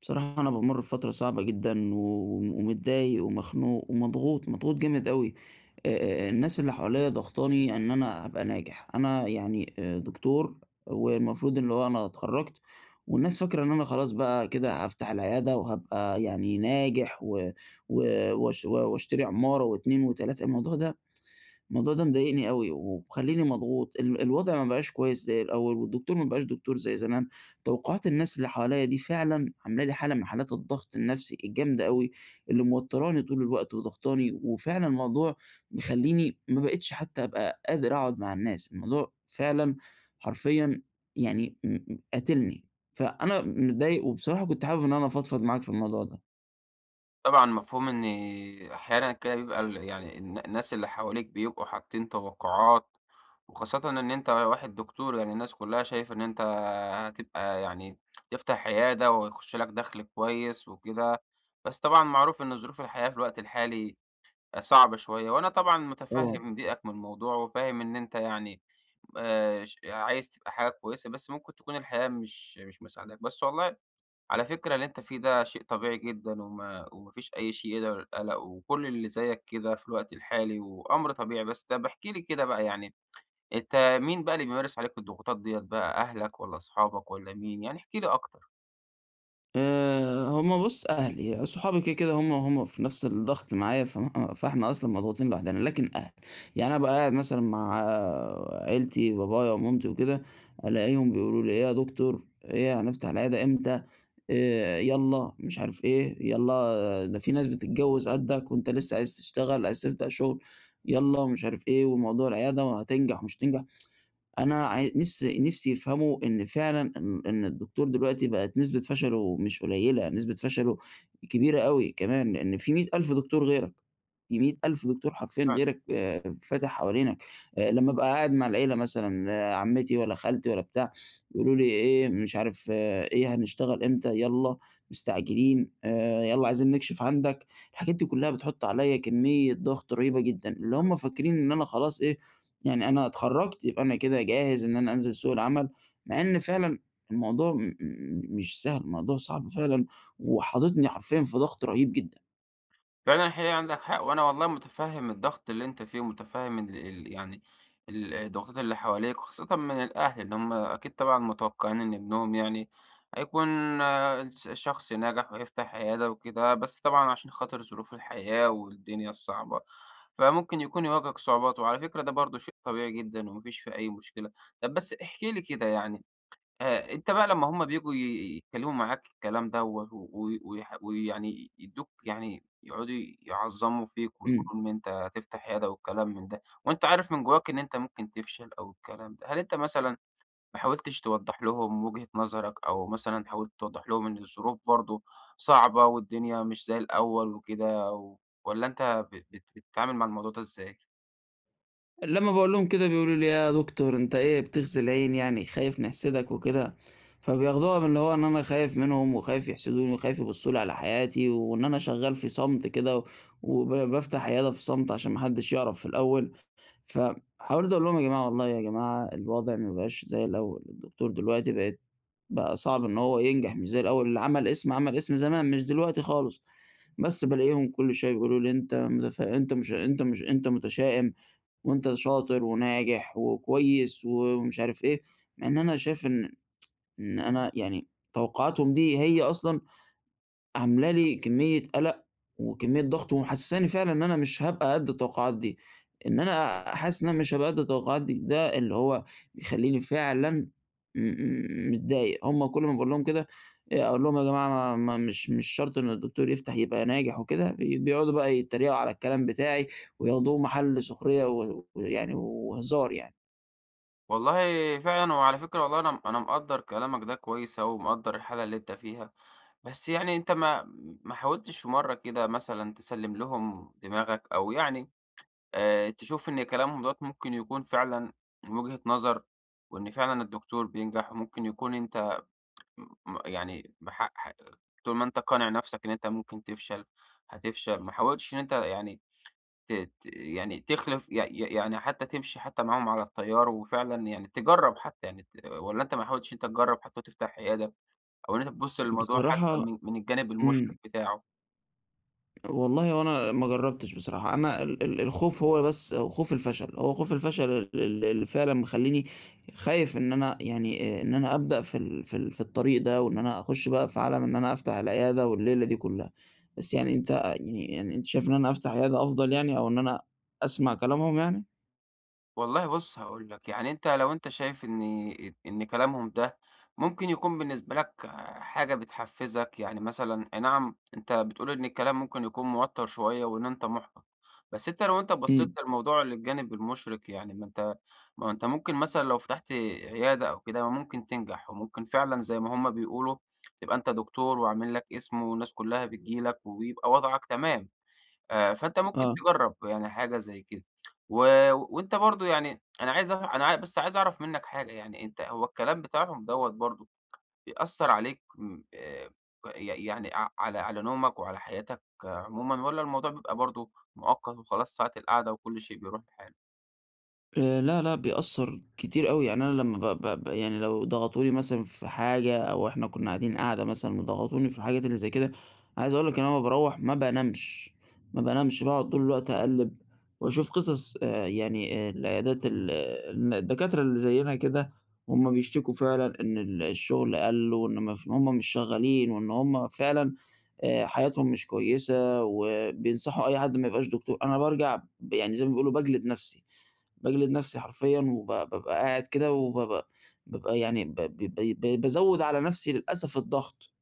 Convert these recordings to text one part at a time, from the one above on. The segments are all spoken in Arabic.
بصراحة أنا بامرّ بفترة صعبة جدًا و ومتضايق ومخنوق ومضغوط، مضغوط جامد أوي، آآ، الناس اللي حواليَّ ضاغطاني إن أنا أبقى ناجح، أنا يعني، آآ، دكتور والمفروض اللي هو أنا اتخرجت، والناس فاكرة إن أنا خلاص بقى كده هافتح العيادة، وهابقى يعني ناجح و و وأش وأشتري عمارة و2 و3 الموضوع ده الموضوع ده مضايقني أوي، ومخليني مضغوط ال الوضع ما بقاش كويس زي الأول، والدكتور ما بقاش دكتور زي زمان، توقّعات الناس اللي حواليّ دي فعلًا عاملة لي حالة من حالات الضغط النفسي الجامدة أوي، اللي موتراني طول الوقت وضاغطاني، وفعلًا الموضوع مخليني ما بقيتش حتى أبقى قادر اقعد مع الناس، الموضوع فعلًا حرفيًا يعني م قاتلني. فأنا متضايق، وبصراحة كنت حابب إن أنا أفضفض معاك في الموضوع ده. طبعًا مفهوم إن أحيانًا كده بيبقى ال يعني الن الناس اللي حواليك بيبقوا حاطين توقّعات وخاصةً إن أنت واحد دكتور يعني الناس كلها شايفة إن أنت هتبقى يعني تفتح عيادة، وهيخش لك دخل كويس وكده، بس طبعًا معروف إن ظروف الحياة في الوقت الحالي صعبة شوية، وأنا طبعًا طبعًا. متفهم ضيقك من الموضوع وفاهم إن أنت يعني، آآ، ش عايز تبقى حاجة كويسة بس ممكن تكون الحياة مش مش مساعداك، بس والله على فكرة اللي أنت فيه ده شيء طبيعي جدًا، وما وما فيش أي شيء يدعو للقلق، وكل اللي زيك كده في الوقت الحالي وأمر طبيعي، بس طب احكِ لي كده بقى يعني، أنت مين بقى اللي بيمارس عليك الضغوطات ديَّة بقى أهلك والَّا اصحابك والَّا مين؟ يعني احكِ لي أكتر. آآ، هُم بُص، أهلي، صحابي، كده، كده، هُم هُم في نفس الضغط معايا، ف [unintelligible] فإحنا أصلًا مضغوطين لوحدنا، لكن الأهل. يعني أنا أبقى قاعد مثلًا مع عيلتي، بابايا ومامتي وكده، ألاقيهم بيقولوا لي: "إيه يا دكتور، إيه هنفتح العيادة إمتى؟ آآ، يالّا مش عارف إيه، يالّا ده في ناس بتتجوِّز قدَّك وأنت لسه عايز تشتغل، عايز تبدأ شغل، يالّا مش عارف إيه، وموضوع العيادة وهتنجح ومش هتنجح." أنا عاي نِفسي نِفسي يفهموا إن فعلًا إن إن الدكتور دلوقتي بقِت نسبة فشلُه مش قليِّلة، نسبة فشلُه كبيرة أوي كمان، لأن في مِيّة ألف دكتور غيرك. في مِيّة ألف دكتور حرفيًا فعلًا. غيرك فاتح حوالينك، أ لمّا أبقى قاعد مع العيلة مثلًا، عمِّتي والّا خالتي والّا بتاع، يقولوا لي: "إيه، مش عارف إيه، هنشتغل إمتى؟ يالّا، مستعجلين، آآ يالّا عايزين نكشف عندك." الحاجات دي كلَّها بتحُط عليّا كميّة ضغط رهيبة جدًا، اللي [unintelligible] هُم فاكرين إن أنا خلاص إيه، يعني أنا اتخرَّجت، يبقى أنا كده جاهز إن أنا أنزِل سوق العمل، مع إن فعلًا الموضوع م مش سهل، الموضوع صعب فعلًا وحاططني حرفيًا في ضغط رهيب جدًا. فعلًا حقيقي عندك حق، وأنا والله متفهّم الضغط اللي أنت فيه، ومتفهّم ال ال يعني ال الضغوط اللي حواليك وخاصةً من الأهل، اللي هم أكيد طبعًا متوقعين إن ابنهم يعني هيكون ال شخص ناجح، وهيفتح عيادة وكده. بس طبعًا عشان خاطر ظروف الحياة، والدنيا الصعبة، فممكن يكون يواجهك صعوبات، وعلى فكرة ده برضه شيء طبيعي جدًا وما فيش فيه أي مشكلة. طب بس احكِ لي كده يعني آآ أنت بقى لما هم بييجوا ي يتكلموا معاك الكلام دوّة و و ويح ويعني يدّوك يعني يقعدوا يعظموا فيك، امم. ويقولوا إن أنت هتفتح عيادة والكلام من ده، وأنت عارف من جواك إن أنت ممكن تفشل أو الكلام ده، هل أنت مثلًا ما حاولتش توضح لهم وجهة نظرك؟ أو مثلًا حاولت توضح لهم إن الظروف برضه صعبة والدنيا مش زي الأول وكده؟ والّا أنت ب بت بتتعامل مع الموضوع ده إزاي؟ لما باقول لهم كده بيقولوا لي: "إيه يا دكتور، أنت إيه بتغزي العين يعني؟ خايف نحسدك وكده؟" فبياخدوها من اللي هو إن أنا خايف منهم، وخايف يحسدوني وخايف يبصوا لي على حياتي، وإن أنا شغّال في صمت كده، و وبافتح عيادة في صمت عشان ما حدش يعرف في الأول. ف حاولت أقول لهم: "يا جماعة والله يا جماعة الوضع ما بقاش زي الأول الدكتور دلوقتي بقت بقى صعب إنه هو ينجح مش زي الأول. اللي عمل اسم، عمل اسم زمان مش دلوقتي خالص". بس بالاقيهم كل شوية يقول لي: "أنت متف أنت مش أنت مش أنت متشائم، وأنت شاطر وناجح وكويس" ومش عارف إيه، مع إن أنا شايف إن إن أنا يعني توقعاتهم دي هي أصلًا عاملة لي كمية قلق، وكمية ضغط، ومحسساني فعلًا إن أنا مش هابقى قد التوقعات دي. إن أنا حاسس إن مش هابقى قد التوقعات دي، ده اللي هو مخليني فعلًا مم متضايق. هم كل ما باقول لهم كده أقول لهم: "يا جماعة ما ما مش مش شرط إنه الدكتور يفتح يبقى ناجح وكده"، بيقعدوا بقى يتريقوا على الكلام بتاعي، وياخدوه محل سخرية و ويعني و وهزار يعني. والله فعلًا وعلى فكرة والله أنا أنا مقدر كلامك ده كويس أوي ومقدر الحالة اللي أنت فيها، بس يعني أنت ما ما حاولتش في مرة كده مثلًا تسلِّم لهم دماغك، أو يعني آآ، تشوف إن كلامهم دوَّة ممكن يكون فعلًا من وجهة نظر، وإن فعلًا الدكتور بينجح وممكن يكون أنت م يعني بح ح طول ما أنت قانع نفسك إن أنت ممكن تفشل، هتفشل. ما حاولتش إن أنت يعني ت ت يعني تخلف ي يع يعني حتى تمشي حتى معاهم على التيار، وفعلًا يعني تجرب حتى يعني ت والّا أنت ما حاولتش إن أنت تجرب حتى وتفتح عيادة، أو إن أنت تبص للموضوع حتى بصراحة من من الجانب المُشرق إمم. بتاعه؟ والله هو أنا ما جربتش بصراحة، أنا ال ال الخوف هو بس، خوف الفشل، هو خوف الفشل ال ال اللي فعلًا مخليني خايف إن أنا يعني آآ، إن أنا أبدأ في ال في ال في الطريق ده، وإن أنا أخش بقى في عالم إن أنا أفتح العيادة والليلة دي كلها. بس يعني أنت يعني يعني أنت شايف إن أنا أفتح عيادة أفضل يعني، أو إن أنا أسمع كلامهم يعني؟ والله بُص هاقول لك، يعني أنت لو أنت شايف إن ت إن كلامهم ده ممكن يكون بالنسبة لك حاجة بتحفزك، يعني مثلًا أي نعم أنت بتقول إن الكلام ممكن يكون موتر شوية وإن أنت محبط، بس أنت لو أنت بصيت إمم. للموضوع للجانب المشرق يعني ما أنت ما أهو أنت ممكن مثلًا لو فتحت عيادة أو كده ممكن تنجح، وممكن فعلًا زي ما هم بيقولوا تبقى أنت دكتور وعامل لك اسم والناس كلها بتيجي لك ويبقى وضعك تمام. آآ، فأنت ممكن آه. تجرب يعني حاجة زي كده. و وأنت برضو يعني أنا عايز أع أنا بس عايز أعرف منك حاجة يعني أنت هو الكلام بتاعهم دوّة برضه بيأثر عليك م آآ، ي يعني اع على على نومك وعلى حياتك عمومًا، والّا الموضوع بيبقى برضه، مؤقت وخلاص ساعة القعدة وكل شيء بيروح لحاله؟ آآ، لأ، لأ بيأثر كتير أوي يعني أنا لمَّا ب ب ب يعني لو ضغطوني مثلًا في حاجة أو إحنا كنّا قاعدين قعدة مثلًا وضغطوني في الحاجات اللي زي كده، عايز أقول لك ان أنا لمَّا باروَّح ما بانامش، ما بانامش باقعد طول الوقت أقلِّب وأشوف قصص آآ، يعني آآ، العيادات ال الن الدكاترة اللي زينا كده وهم بيشتكوا فعلًا إن ال الشغل قلّ وإن ما ف وإن هم مش شغالين وإن هم فعلًا آآ، حياتهم مش كويّسة وبينصحوا أي حد ما يبقاش دكتور، أنا بارجع ب يعني زي ما بيقولوا باجلد نفسي، باجلد نفسي حرفيًا وب بابقى قاعد كده وبابقى بابقى يعني ب ب ب ب بقيت بازود على نفسي للأسف الضغط،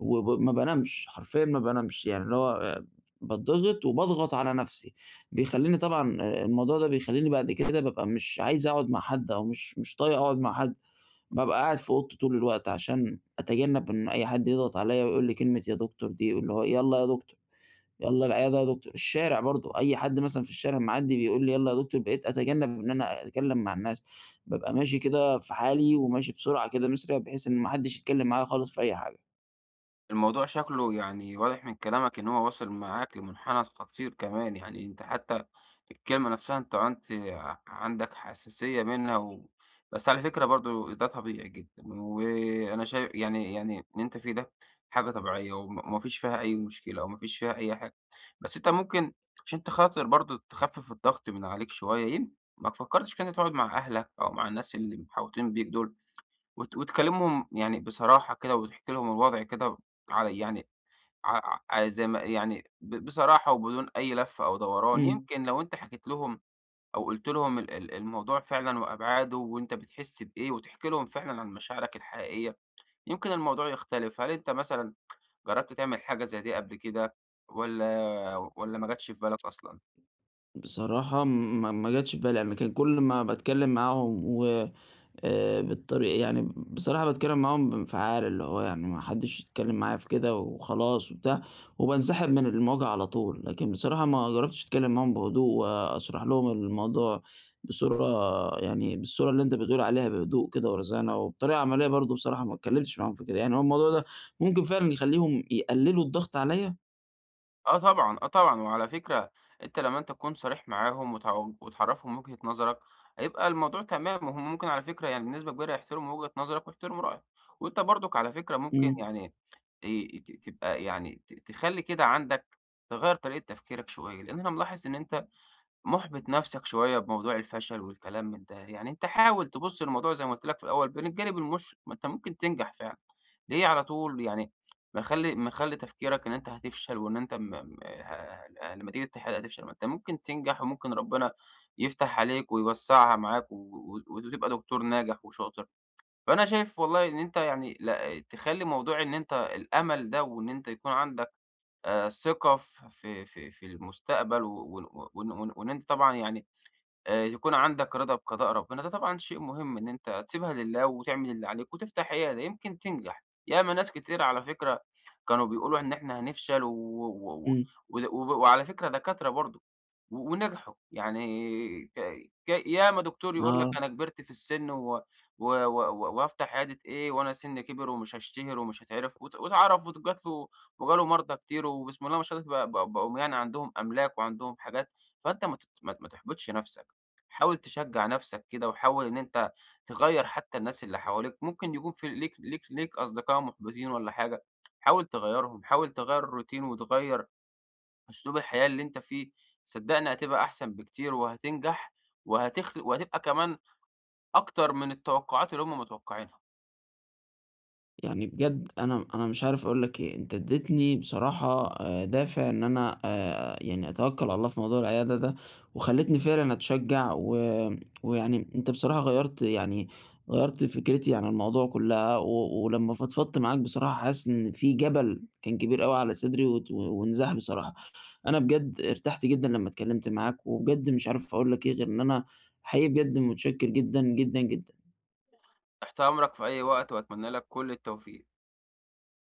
وب ما بانامش، حرفيًا ما بانامش، يعني اللي هو باتضغط وباضغط على نفسي، بيخليني طبعًا الموضوع ده بيخليني بعد كده بابقى مش عايز اقعد مع حد أو مش مش طايق اقعد مع حد، بابقى قاعد في اوضتي طول الوقت عشان أتجنَّب إن أي حد يضغط عليَّا ويقول لي كلمة يا دكتور دي، اللي هو "يالَّا يا دكتور، يالَّا العيادة يا دكتور." الشارع برضه أي حد مثلًا في الشارع معدّي بيقول لي: "يالَّا يا دكتور." بقيت اتجنب إن أنا اتكلِّم مع الناس، بابقى ماشي كده في حالي وماشي بسرعة كده، مُسرع، بحيث إن ما حدش يتكلِّم معايا خالص في أي حاجة. الموضوع شكله يعني واضح من كلامك إن هو واصِل معاك لمُنحنى خطير كمان، يعني أنت حتى الكلمة نفسها أنت عُنت عندك حساسيَّة منها و بس على فكرة برضه ده طبيعي جدًا وأنا شاي يعني يعني اللي أنت فيه ده حاجة طبيعية، وما ما فيش فيها أي مشكلة وما فيش فيها أي حاجة، بس أنت ممكن عشان أنت خاطر برضه تخفِّف الضغط من عليك شوية يم ما فكَّرتش كده تقعد مع أهلك أو مع الناس اللي محاوطين بيك دول وت وتكلمهم يعني بصراحة كده وتحكي لهم الوضع كده على يعني ع ع زي ما يعني ب بصراحة وبدون أي لف أو دوران، إمم. يمكن لو أنت حكيت لهم أو قُلت لهم ال ال الموضوع فعلًا وأبعادُه وأنت بتحس بإيه وتحكي لهم فعلًا عن مشاعرك الحقيقية، يمكن الموضوع يختلف. هل أنت مثلًا جرَّبت تعمل حاجة زي دي قبل كده والّا والّا ما جاتش في بالك أصلًا؟ بصراحة، ما ما جاتش في بالي قبل كدا، كان كلّ ما باتكلِّم معاهم و آآ بالطري يعني بصراحة باتكلم معاهم بانفعال، اللي هو يعني ما حدِّش يتكلِّم معايا في كده وخلاص وبتاع، وبانسحب من المواجهة على طول، لكن بصراحة ما جرَّبتش أتكلم معاهم بهدوء وأشرح لهم الموضوع بصورة، يعني بالصورة اللي أنت بتقول عليها بهدوء كده ورزانة وبطريقة عمليَّة برضه، بصراحة ما أتكلِّمتش معاهم في كده، يعني هو الموضوع ده ممكن فعلًا يخلِّيهم يقلِّلوا الضغط عليَّ؟ آه طبعًا، آه طبعًا وعلى فكرة أنت لمَّا أنت تكون صريح معاهم وت وتعرفهم وجهة نظرك هيبقى الموضوع تمام، وهم ممكن على فكرة يعني بنسبة كبيرة يحترموا وجهة نظرك ويحترموا رأيك، وأنت برضك على فكرة ممكن إمم. يعني ي ت تبقى يعني ت تخلّي كده عندك تغيَّر طريقة تفكيرك شوية، لأن أنا ملاحظ إن أنت محبط نفسك شوية بموضوع الفشل والكلام من ده، يعني أنت حاول تبص للموضوع زي ما قلت لك في الأول من الجانب المشرق، ما أنت ممكن تنجح فعلًا، ليه على طول يعني مخلّي مخلّي تفكيرك إن أنت هتفشل وإن أنت م م لمَّا تيجي تحاول هتفشل، ما أنت ممكن تنجح، وممكن ربنا يفتح عليك ويوسَّعها معاك و و وتبقى دكتور ناجح وشاطر فأنا شايف والله إن أنت يعني لأ تخلي موضوع إن أنت الأمل ده وإن أنت يكون عندك ثقة في في في المستقبل و وإن وإن أنت طبعًا يعني آآ، يكون عندك رضا بقضاء ربنا، ده طبعًا شيء مهم إن أنت تسيبها لله وتعمل اللي عليك وتفتح عيادة يمكن تنجح، ياما ناس كتير على فكرة كانوا بيقولوا إن احنا هنفشل و و إمم. و وعلى فكرة دكاترة برضه و ونجحوا، يعني ك ك ياما دكتور يقول لك آه. أنا كبرت في السن و و و وهافتح عيادة إيه وأنا سني كبِر ومش هاشتهر ومش هاتعرف وت واتعرف وجَت له وجَه له مرضى كتير وبسم الله ما شاء الله بقوا بقوا يعني عندهم أملاك وعندهم حاجات، فأنت ما ما ت ما تحبطش نفسك حاول تشجَّع نفسك كده، وحاول إن أنت تغيَّر حتى الناس اللي حواليك ممكن يكون في ليك ليك ليك أصدقاء محبطين والَّا حاجة، حاول تغيَّرهم حاول تغيَّر الروتين وتغيَّر أسلوب الحياة اللي أنت فيه، صدقني هتبقى أحسن بكتير، وهتنجح وهتخل وهتبقى كمان أكتر من التوقّعات اللي هم متوقّعينها. يعني بجد أنا أنا مش عارف أقول لك إيه، أنت اديتني بصراحة دافع إن أنا آآ، يعني أتوكَّل على الله في موضوع العيادة ده، وخليتني فعلًا أتشجّع و ويعني أنت بصراحة غيّرت يعني غيّرت فكرتي عن الموضوع كلَّها، و ولمَّا فضفضت معاك بصراحة حاسس إن في جبل كان كبير أوي على صدري، وات وانزاح بصراحة، أنا بجد ارتحت جدًا لما اتكلمت معاك، وبجد مش عارف أقول لك إيه غير إن أنا حقيقي بجد متشكِّر جدًا، جدًا، جدًا. تحت أمرك في أي وقت، وأتمنى لك كل التوفيق.